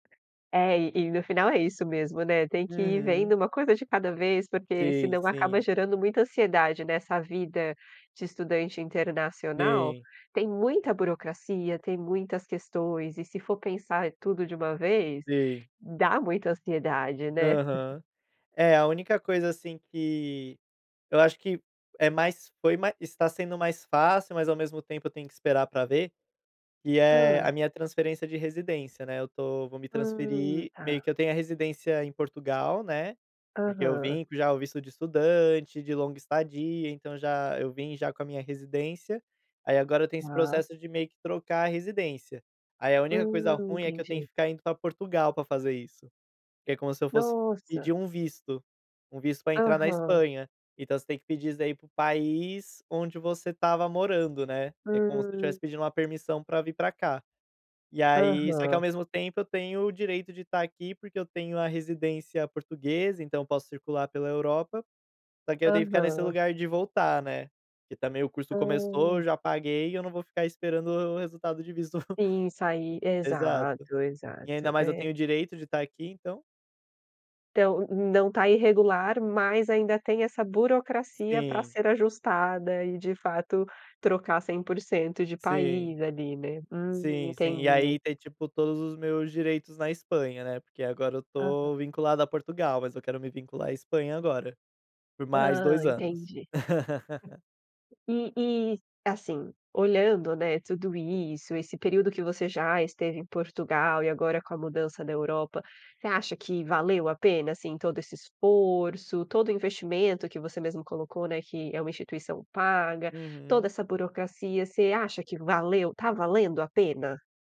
É, e e no final é isso mesmo, né, tem que ir vendo Uhum. uma coisa de cada vez, porque Sim, senão acaba sim. gerando muita ansiedade nessa vida de estudante internacional. Sim. Tem muita burocracia, tem muitas questões e se for pensar tudo de 1 vez, Sim. dá muita ansiedade, né. Aham. É, a única coisa, assim, que eu acho que é mais foi mais está sendo mais fácil, mas ao mesmo tempo eu tenho que esperar pra ver, que é a Hã. minha transferência de residência, né, eu tô vou me Hã, transferir, tá. meio que eu tenho a residência em Portugal, né, porque eu Aham. vim com já o visto de estudante, de longa estadia, então já eu vim já com a minha residência, aí agora eu tenho esse Ah. processo de meio que trocar a residência. Aí a Hã, única coisa ruim, é que eu tenho que entendi. ficar indo pra Portugal pra fazer isso. Que é como se eu fosse Nossa! pedir um visto, um visto pra entrar na Aham. Espanha, então você tem que pedir isso daí pro país onde você estava morando, né, Hã. que é como se eu tivesse pedindo uma permissão pra vir pra cá. E aí só que ao Aham. mesmo tempo eu tenho o direito de estar aqui porque eu tenho a residência portuguesa, então eu posso circular pela Europa, só que eu tenho que ficar nesse Aham. lugar de voltar, né. Porque também o curso começou, eu Hã. já paguei e eu não vou ficar esperando o resultado de visto Sim, sair exato. exato, E ainda exato, mais eu é tenho o direito de estar aqui então Então, n não tá irregular, mas ainda tem essa burocracia para Sim. ser ajustada e de fato trocar 100% de Sim. país ali, né, hum Sim, sim. E entendi. aí ter, tipo, todos os meus direitos na Espanha, né, porque agora eu Aham. estou vinculado a Portugal, mas eu quero me vincular a Espanha agora, por mais Hã, 2 anos. entendi. E e, assim, entendi e assim olhando, né, tudo isso, esse período que você já esteve em Portugal e agora com a mudança da Europa, você acha que valeu a pena, assim, todo esse esforço, todo o investimento que você mesmo colocou, né, que é uma instituição paga, toda Uhum. essa burocracia você acha que valeu tá valendo a pena?